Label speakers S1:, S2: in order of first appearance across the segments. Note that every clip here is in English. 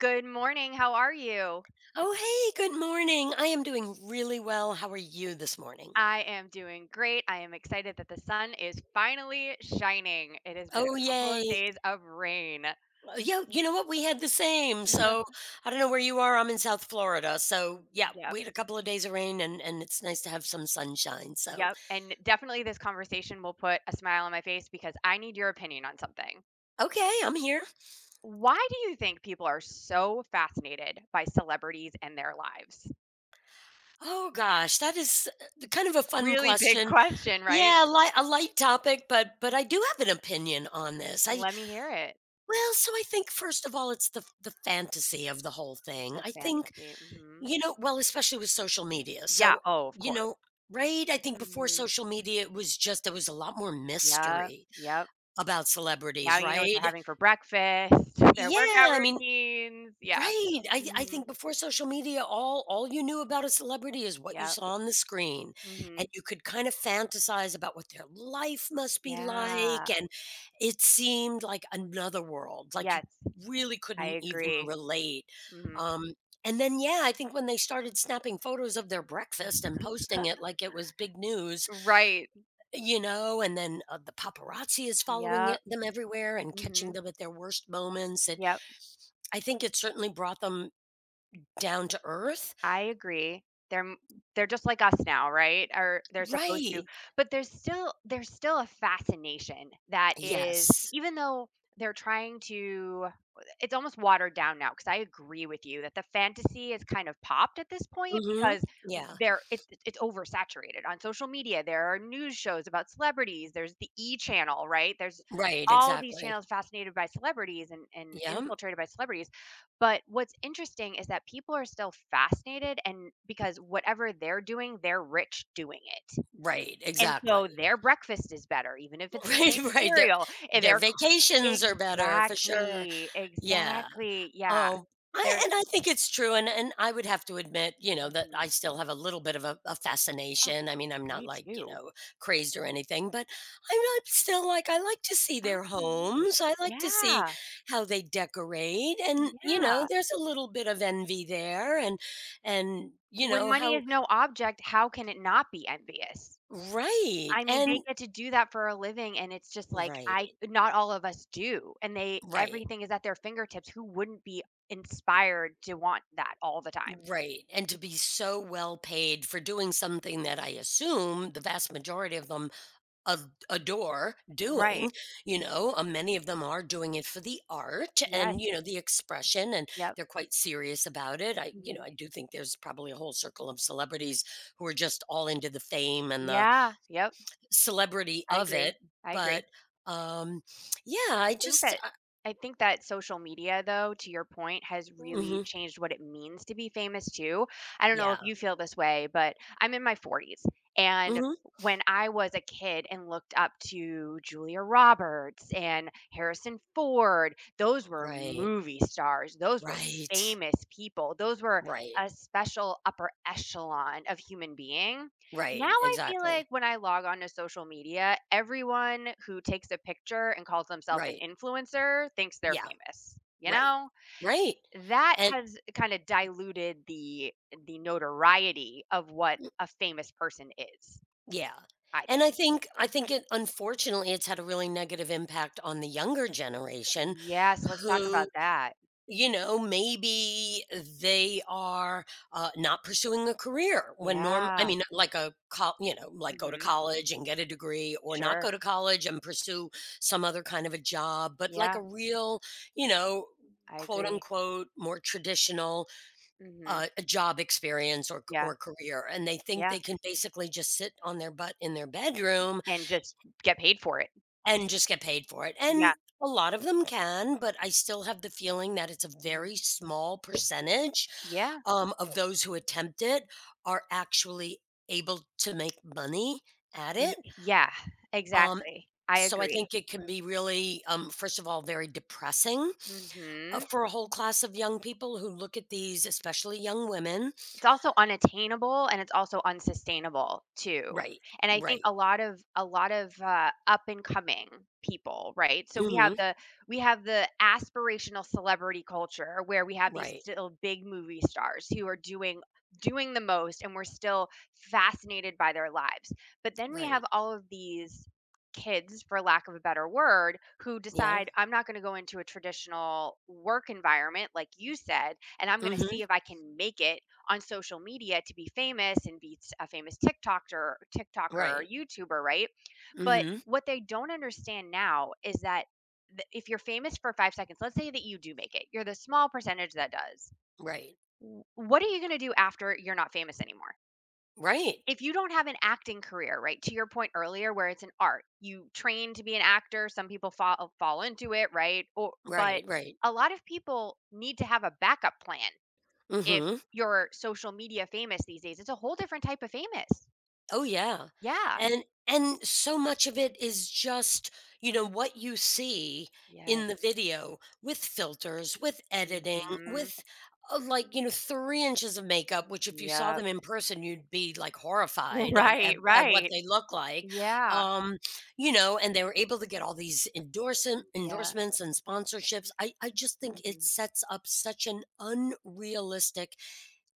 S1: Good morning. How are you?
S2: Oh, hey. Good morning. I am doing really well. How are you this morning?
S1: I am doing great. I am excited that the sun is finally shining. It has been
S2: Oh,
S1: a couple of
S2: yay.
S1: days of rain.
S2: W y you know what? We had the same. So I don't know where you are, I'm in South Florida. So, yeah,
S1: Yep
S2: we had a couple of days of rain, and and it's nice to have some sunshine. So
S1: Yep, and definitely this conversation will put a smile on my face because I need your opinion on something.
S2: Okay, I'm here.
S1: Why do you think people are so fascinated by celebrities and their lives?
S2: Oh gosh. That is, uh, kind of a fun
S1: Really big
S2: question.
S1: question. Right?
S2: Yeah, li a light topic, but but I do have an opinion on this. I
S1: Let me hear it.
S2: Well, so I think, first of all, it's the the fantasy of the whole
S1: It's
S2: thing.
S1: a
S2: I think,
S1: fantasy. Mhm.
S2: you know well, especially with social media.
S1: Yeah,
S2: So,
S1: oh, of
S2: you
S1: cour
S2: know Right? I think before
S1: Mhm.
S2: social media, it was just there was a lot more
S1: Yep.
S2: mystery
S1: Yep.
S2: about
S1: Now
S2: celebrities,
S1: you know what they're
S2: right?
S1: having for breakfast, their
S2: Yeah,
S1: workout
S2: I mean
S1: routines. Yeah.
S2: Right? I I
S1: Mhm.
S2: think before social media, all all you knew about a celebrity is what you
S1: Yep.
S2: saw on the screen, and
S1: Mhm.
S2: you could kind of fantasize about what their life must be like,
S1: Yeah.
S2: and it seemed like another world. Like, you
S1: Yes.
S2: really
S1: I
S2: couldn't even
S1: agree.
S2: relate.
S1: Mhm.
S2: Um, and then, yeah, I think when they started snapping photos of their breakfast and posting it like it was big news.
S1: Right.
S2: You know? And then, uh, the paparazzi is following
S1: Yep.
S2: it them everywhere and catching
S1: Mhm.
S2: them at their worst moments and
S1: Yep.
S2: I think it certainly brought them down to earth.
S1: I agree. They're m they're just like us now, right? Or they're supposed to
S2: Right.
S1: but there's still there's still a fascination that is
S2: Yes.
S1: even though they're trying to i it's almost watered down now 'cause I agree with you that the fantasy is kind of popped at this point
S2: Mhm.
S1: because w
S2: Yeah.
S1: there it it's oversaturated. On social media, there are news shows about celebrities. There's the E! channel, right? There's
S2: Right,
S1: all these
S2: exactly.
S1: channels fascinated by celebrities and and
S2: Yep.
S1: infiltrated by celebrities, but what's interesting is that people are still fascinated and because whatever they're doing, they're rich doing it,
S2: Right,
S1: and so
S2: exactly.
S1: their breakfast is better even if it's the
S2: Right,
S1: same
S2: right. Their
S1: cereal. And
S2: their
S1: they're cr
S2: vacations are better for sure.
S1: Exactly,
S2: Yeah.
S1: exactly, yeah.
S2: Oh, I
S1: Their
S2: and I think it's true, and and I would have to admit, you know, that
S1: Mhm.
S2: I still have a little bit of a a
S1: Oh,
S2: fascination, I mean, I'm not,
S1: me
S2: like, you
S1: too.
S2: know, crazed or anything, but I'm not still like, I like to see their
S1: Absolutely,
S2: homes. I like to see
S1: yeah.
S2: how they decorate, and, you know,
S1: Yeah.
S2: there's a little bit of envy there and and, you
S1: When
S2: know,
S1: money
S2: how
S1: is no object, how can it not be envious?
S2: Right,
S1: I mean,
S2: and
S1: they get to do that for a living, and it's just like I
S2: Right.
S1: not all of us do, and they
S2: Right.
S1: everything is at their fingertips. Who wouldn't be inspired to want that all the time?
S2: Right, and to be so well paid for doing something that I assume the vast majority of them of adore
S1: Right.
S2: doing. You know? A many of them are doing it for the art
S1: Yes.
S2: and, you know, the expression, and
S1: Yep.
S2: they're quite serious about it. I, you know,
S1: Mhm.
S2: I do think there's probably a whole circle of celebrities who are just all into the fame and the
S1: Yeah, yep.
S2: celebrity
S1: I
S2: of
S1: agree,
S2: it.
S1: I agree.
S2: But, um, yeah,
S1: I
S2: I
S1: think
S2: just
S1: that
S2: I
S1: I think that social media, though, to your point, has really
S2: Mhm.
S1: changed what it means to be famous too. I don't know if
S2: Yeah.
S1: you feel this way, but I'm in my 40s, and
S2: Mhm.
S1: when I was a kid and looked up to Julia Roberts and Harrison Ford, those were
S2: Right.
S1: movie stars. Those were
S2: Right.
S1: famous people. Those were
S2: Right.
S1: a special upper echelon of human being. Now
S2: Right,
S1: I feel
S2: exactly.
S1: like when I log on to social media, everyone who takes a picture and calls themself an
S2: Right.
S1: influencer thinks they're
S2: Yeah.
S1: famous. You
S2: Right.
S1: know?
S2: Right,
S1: That
S2: and
S1: has kinda diluted the the notoriety of what a famous person is,
S2: Yeah.
S1: I
S2: And
S1: think.
S2: I think I think it unfortunately, it's had a really negative impact on the younger generation
S1: Yes. Let's talk about
S2: who,
S1: that.
S2: you know, maybe they are, uh, not pursuing a career when norm I
S1: Yeah.
S2: mean, like a coll you know, like go to
S1: Mhm.
S2: college and get a degree or not go
S1: Sure.
S2: to college and pursue some other kind of a job, but like
S1: Yeah.
S2: a real, you know,
S1: I
S2: quote,
S1: agree.
S2: unquote, more traditional,
S1: Mhm.
S2: uh, job experience or c
S1: Yeah.
S2: or career and they think
S1: Yeah.
S2: they can basically just sit on their butt in their bedroom
S1: And just get paid for it.
S2: and just get paid for it. And
S1: Yeah.
S2: a lot of them can, but I still have the feeling that it's a
S1: Mhm.
S2: very small percentage,
S1: Yeah.
S2: um, of those who attempt it are actually able to make money at
S1: Ye
S2: it.
S1: yeah.
S2: Um,
S1: Exactly. I
S2: so I
S1: agree.
S2: think it can be really um, first of all, very depressing, uh,
S1: Mhm.
S2: for a whole class of young people who look at these, especially young women
S1: It's also unattainable, and it's also unsustainable too,
S2: Right,
S1: and I think
S2: right.
S1: a lot of a lot of, uh, up and coming people, right? So we have
S2: Mhm.
S1: the we have the aspirational celebrity culture where we have these
S2: Right.
S1: still big movie stars who are doing doing the most and we're still fascinated by their lives, but then we
S2: Right.
S1: have all of these kids, for lack of a better word, who
S2: Yeah.
S1: decide, I'm not gonna go into a traditional work environment like you said, and I'm gonna
S2: Mhm.
S1: see if I can make it on social media to be famous and beats a famous TikTokter TikToker or
S2: Right.
S1: YouTuber, right? But
S2: Mhm.
S1: what they don't understand now is that tha if you're famous for 5 seconds, let's say that you do make it. You're the small percentage that does.
S2: Right.
S1: W what are you gonna do after you're not famous anymore?
S2: Right.
S1: If you don't have an acting career, right, to your point earlier where it's an art, you train to be an actor, some people fa fall into it, right? O but
S2: Right, right.
S1: a lot of people need to have a backup plan if
S2: Mhm.
S1: you're social media famous these days. It's a whole different type of famous.
S2: Oh, yeah.
S1: Yeah.
S2: And and so much of it is just, you know, what you see
S1: Yes.
S2: in the video with filters, with editing,
S1: Mhm.
S2: with, uh, like, you know, 3 inches of makeup, which if you saw
S1: Yep
S2: them in person, you'd be, like, horrified at at
S1: Right.
S2: at what
S1: Right.
S2: they look like.
S1: Yeah.
S2: Um, you know? And they were able to get all these endorsen
S1: Yeah.
S2: endorsements and sponsorships. I I just think it
S1: Mhm.
S2: sets up such an unrealistic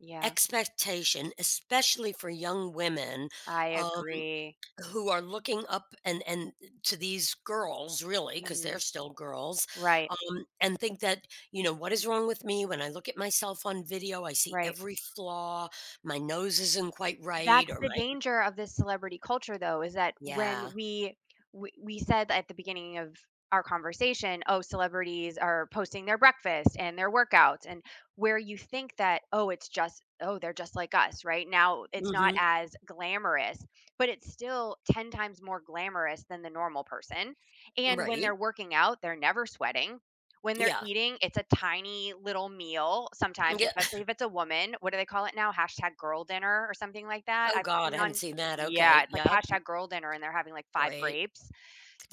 S1: Yeah.
S2: expectation, especially for young women,
S1: I
S2: um,
S1: agree.
S2: who are looking up and and to these girls, really, 'cause they're
S1: Mhm.
S2: still girls,
S1: Right.
S2: um, and think that, you know, "What is wrong with me when I look at myself on video? I see
S1: Right.
S2: every flaw. My nose isn't quite
S1: That's
S2: right or
S1: the
S2: my"
S1: danger of this celebrity culture though, is that
S2: Yeah.
S1: when we we we said that at the beginning of our conversation, "Oh, celebrities are posting their breakfast and their workouts," and where you think that, "Oh, it's just oh, they're just like us." Right? Now it's not
S2: Mhm.
S1: as glamorous, but it's still 10 times more glamorous than the normal person, and when
S2: Right.
S1: they're working out, they're never sweating. When they're
S2: Yeah.
S1: eating, it's a tiny little meal sometimes,
S2: Yeah.
S1: especially if it's a woman. What do they call it now? "#girldinner" or something like that.
S2: Oh
S1: I've seen
S2: god, I haven't
S1: on
S2: seen that,
S1: Yeah.
S2: okay,
S1: It's like
S2: yep.
S1: "#girldinner," and they're having, like, 5
S2: Great.
S1: grapes.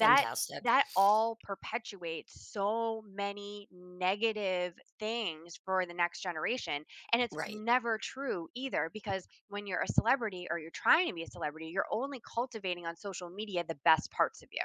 S1: That that all perpetuates so many negative things for the next generation. And it's
S2: Right.
S1: never true either because when you're a celebrity or you're trying to be a celebrity, you're only cultivating on social media the best parts of you.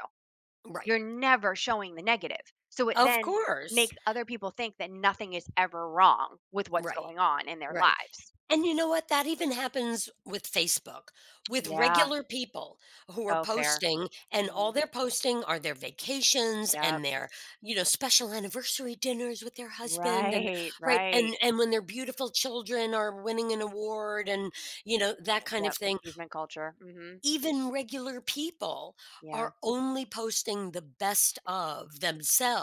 S2: Right.
S1: You're never showing the negative. So it
S2: Of
S1: then
S2: course.
S1: makes other people think that nothing is ever wrong with what's
S2: Right.
S1: going on in their
S2: Right.
S1: lives.
S2: And you know what? That even happens with Facebook, with
S1: Yeah.
S2: regular people who are
S1: Oh, fair.
S2: posting, and all
S1: Mhm.
S2: they're posting are their vacations
S1: Yep.
S2: and their, you know, special anniversary dinners with their husband and
S1: Right.
S2: Right,
S1: Right.
S2: and and when their beautiful children are winning an award and, you know, that kind of
S1: Yep.
S2: thing.
S1: Achievement culture. Mhm.
S2: Even regular people
S1: Yeah.
S2: are only posting the best of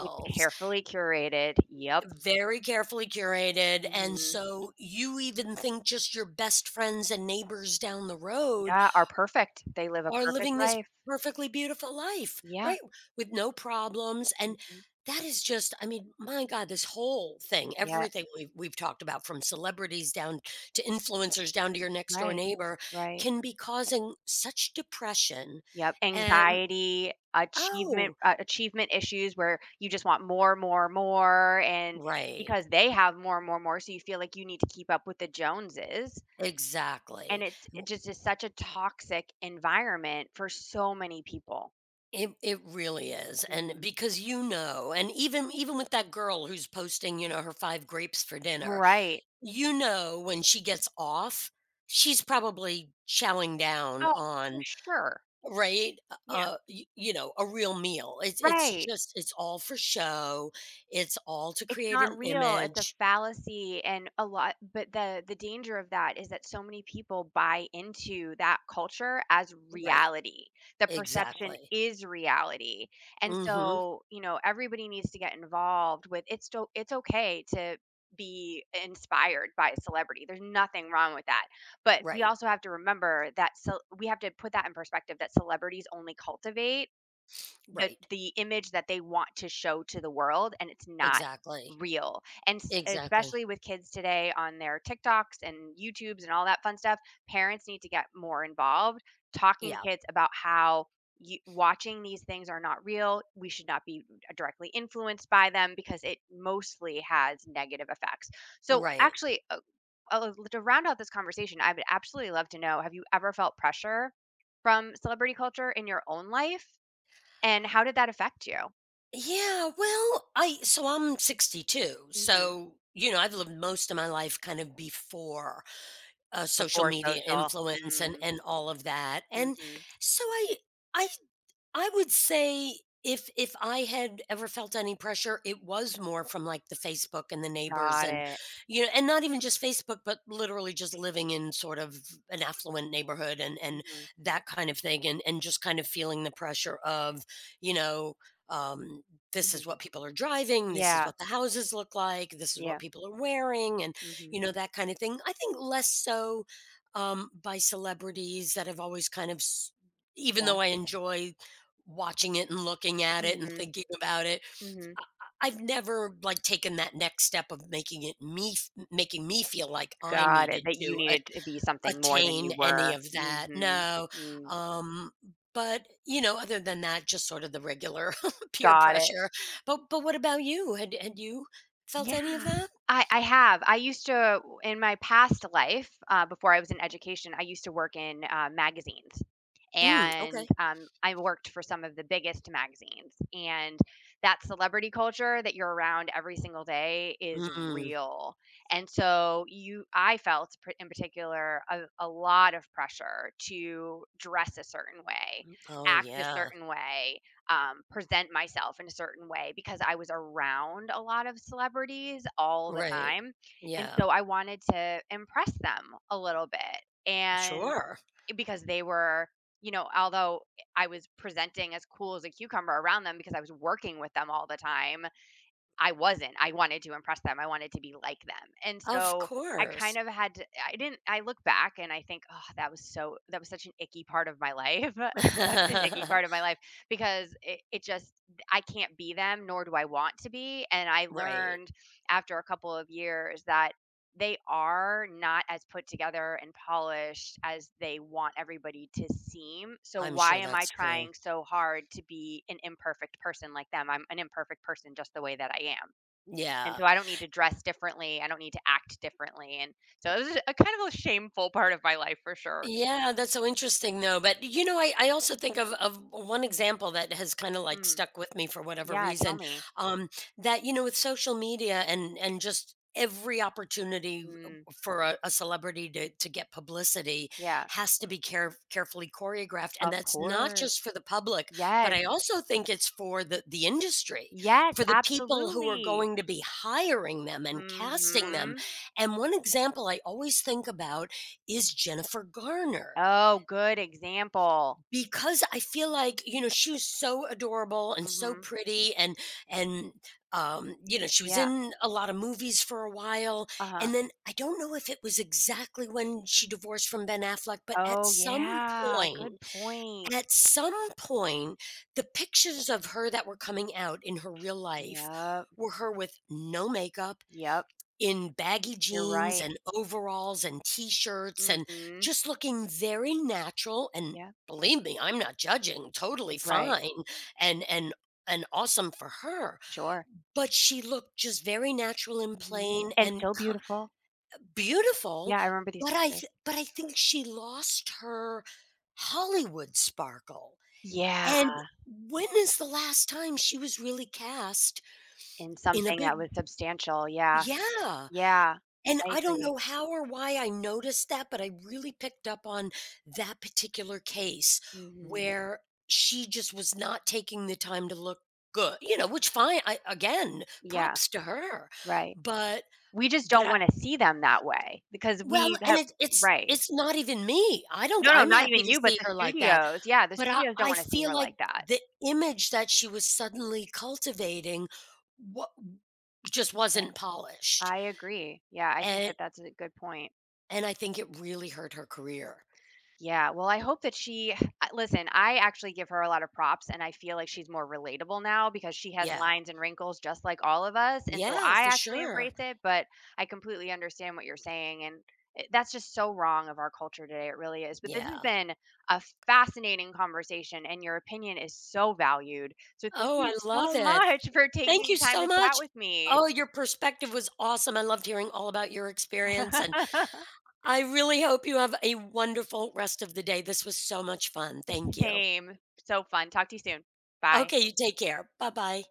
S1: It's carefully curated. Yep.
S2: very carefully curated, and
S1: Mhm.
S2: so you even think just your best friends and neighbors down the road
S1: Yeah, are perfect. They live a
S2: are
S1: perfect
S2: living this
S1: life.
S2: perfectly beautiful life.
S1: Yeah.
S2: Right, with no problems, and
S1: Mhm.
S2: that is just I mean, my god. This whole thing,
S1: Yeah.
S2: everything we've we've talked about from celebrities down to influencers down to your next door
S1: Right.
S2: neighbor
S1: Right.
S2: can be causing such depression,
S1: Yep.
S2: an
S1: Anxiety, achievement
S2: Oh.
S1: a achievement issues where you just want more, more, more, and
S2: Right.
S1: because they have more, more, more, so you feel like you need to keep up with the Joneses. And
S2: Exactly.
S1: it's
S2: W
S1: it just is such a toxic environment for so many people.
S2: It it really is, and
S1: Mhm.
S2: because you know and even even with that girl who's posting, you know, her 5 grapes for dinner,
S1: Right.
S2: you know, when she gets off, she's probably chowing down
S1: Oh, for
S2: on
S1: sure.
S2: right, uh
S1: Yeah.
S2: uh, y you know, a real meal. It's it's
S1: Right.
S2: just it's all for show, it's all to
S1: It's
S2: create an
S1: not real, it's a
S2: image.
S1: fallacy and a lot but the the danger of that, is that so many people buy into that culture as
S2: Right,
S1: reality, the perception
S2: exactly.
S1: is reality, and,
S2: Mhm.
S1: so, you know, everybody needs to get involved with it sto it's okay to be i inspired by a celebrity, there's nothing wrong with that, but, we
S2: Right.
S1: also have to remember that cel we have to put that in perspective that celebrities only cultivate the
S2: Right.
S1: the image that they want to show to the world, and it's not
S2: Exactly,
S1: real, and s
S2: exactly.
S1: especially with kids today on their TikToks and YouTubes and all that fun stuff, parents need to get more involved talking
S2: Yeah.
S1: kids about how you "Watching these things are not real." We should not be mm directly influenced by them because it mostly has negative effects, so,
S2: Right.
S1: actually, oh oh, li to round out this conversation, I'd be absolutely love to know, have you ever felt pressure from celebrity culture in your own life, and how did that affect you?
S2: Yeah, well, I so I'm 62,
S1: Mhm.
S2: so, you know, I've lived most of my life kind of before, uh, social
S1: Before
S2: media
S1: social
S2: influence and
S1: mm.
S2: and all of that, and,
S1: Mhm.
S2: so, I I I would say, if if I had ever felt any pressure, it was more from, like, the Facebook and the neighbors
S1: Got
S2: and,
S1: it.
S2: you know and not even just Facebook, but literally just living in sort of an affluent neighborhood and and
S1: Mhm.
S2: that kind of thing and and just kind of feeling the pressure of, you know, um, this
S1: Mhm.
S2: is what people are driving, this is
S1: Yeah.
S2: what the houses look like, this is what
S1: Yeah.
S2: people are wearing and,
S1: Mhm.
S2: you know, that kinda thing. I think less so, um, by celebrities that have always kind of s even
S1: Yeah.
S2: though I enjoy watching it and looking at it and
S1: Mhm,
S2: thinking about it,
S1: mhm.
S2: I I I've never, like, taken that next step of making it me f making me feel like I
S1: Got it,
S2: needed
S1: that you
S2: to at
S1: needed to be something more than
S2: attain
S1: you
S2: any
S1: were,
S2: of that.
S1: mhm,
S2: No,
S1: mm.
S2: um, but, you know, other than that, just sort of the regular peer
S1: Got it.
S2: pressure. But but what about you? Had eh, had you felt
S1: Yeah,
S2: any of that?
S1: I I have, I used to uh, w in my past life, uh, before I was in education, I used to work in, uh, magazines,
S2: Mm,
S1: and,
S2: okay.
S1: um, I worked for some of the biggest magazines. And that celebrity culture, that you're around every single day, is
S2: Mm.
S1: real, and, so, you I felt, p in particular, a a lot of pressure to dress a certain way,
S2: Oh,
S1: act a
S2: yeah.
S1: certain way, um, present myself in a certain way, because I was around a lot of celebrities all the
S2: Right,
S1: time, and,
S2: yeah.
S1: so, I wanted to impress them a little bit. And,
S2: Sure.
S1: eh, because they were you know, although, eh, I was presenting as cool as a cucumber around them, because I was working with them all the time, I wasn't. I wanted to impress them, I wanted to be like them, and,
S2: Of
S1: so, I kind
S2: course.
S1: of had to I didn't I look back and I think, "Oh, that was so that was such an icky part of my life." Such an icky part of my life because it it just I can't be them nor do I want to be. And, I
S2: Right.
S1: learned, after a couple of years, that they are not as put together and polished as they want everybody to seem, so,
S2: I'm
S1: why
S2: sure
S1: am I
S2: that's true.
S1: trying so hard to be an imperfect person like them? I'm an imperfect person just the way that I am, and,
S2: Yeah.
S1: so, I don't need to dress differently, I don't need to act differently, and, so this is a kind of a shameful part of my life for sure.
S2: Yeah, that's so interesting, though, but, you know, I I also think of of one example that has kinda, like,
S1: Hmm,
S2: stuck with me for whatever
S1: yeah, tell
S2: reason,
S1: me.
S2: um, that, you know, with social media and and just every opportunity u
S1: Mm.
S2: for a a celebrity to to get publicity
S1: Yeah.
S2: has to be care carefully choreographed, and
S1: Of
S2: that's not
S1: course,
S2: just for the public, but
S1: yes.
S2: I also think it's for the the industry,
S1: Yes,
S2: for the people who are
S1: absolutely.
S2: going to be hiring them and casting them.
S1: Mhm.
S2: And one example I always think about is Jennifer Garner.
S1: Oh, good example.
S2: Because I feel like you know, she was so adorable and so
S1: Mhm.
S2: pretty and and, um, you know, she was
S1: Yeah.
S2: in a lotta movies for a while,
S1: Uh-huh.
S2: and then, I don't know if it was exactly when she divorced from Ben Affleck, but at
S1: Oh,
S2: some
S1: yeah,
S2: point
S1: good point.
S2: at some point, the pictures of her that were coming out in her real life
S1: Yep.
S2: were her with no makeup,
S1: Yep.
S2: in baggy
S1: You're
S2: jeans,
S1: right.
S2: and overalls, and t-shirts, and
S1: Mhm.
S2: just looking very natural and
S1: Yeah.
S2: believe me, I'm not judging, totally
S1: Right.
S2: fine and and and awesome for her,
S1: Sure.
S2: but she looked just very natural and
S1: Mhm,
S2: plain
S1: and
S2: and
S1: still
S2: ki
S1: beautiful.
S2: eh, beautiful,
S1: Yeah, I remember these
S2: but I th
S1: pictures.
S2: but I think she lost her Hollywood sparkle.
S1: Yeah.
S2: And when is the last time she was really cast
S1: In
S2: in a
S1: something that
S2: big
S1: was substantial, yeah
S2: Yeah,
S1: yeah,
S2: and
S1: I
S2: I don't
S1: agree.
S2: know how or why I noticed that, but I really picked up on that particular case,
S1: Mhm.
S2: where she just was not taking the time to look good, you know, which fine I again,
S1: Yeah,
S2: props to her,
S1: right,
S2: but
S1: we just
S2: but,
S1: don't
S2: ah
S1: wanna see them that way because
S2: Well
S1: we
S2: and
S1: have
S2: it it's
S1: right.
S2: it's not even me. I don't g
S1: No no,
S2: I'm
S1: not
S2: happy
S1: even
S2: to
S1: you, but
S2: see
S1: the
S2: her like that,
S1: studios yeah, the
S2: but I
S1: studios don't
S2: I
S1: wanna see
S2: feel
S1: her
S2: like
S1: like that.
S2: the image that she was suddenly cultivating wa just
S1: Yeah,
S2: wasn't polished
S1: I agree, yeah, I think
S2: And
S1: that
S2: i
S1: that's a good point.
S2: And I think it really hurt her career.
S1: Yeah, well, I hope that she ah listen I actually give her a lot of props, and I feel like she's more relatable now because she has
S2: Yeah.
S1: lines and wrinkles just like all of us, and, so,
S2: Yeah,
S1: I
S2: for
S1: actually
S2: sure.
S1: embrace it, but I completely understand what you're saying, and, eh, that's just so wrong of our culture today it really is, but this has
S2: Yeah.
S1: been a fascinating conversation, and your opinion is so valued. So thank
S2: Oh,
S1: you
S2: I love
S1: so
S2: it, th
S1: much for
S2: thank
S1: taking the
S2: you
S1: time to
S2: so
S1: chat
S2: much,
S1: with me!
S2: oh, your perspective was awesome, I loved hearing all about your experience, and I really hope you have a wonderful rest of the day. This was so much fun, thank
S1: S
S2: you.
S1: same, so fun, talk to you soon, bye.
S2: Okay, you take care, buh-bye.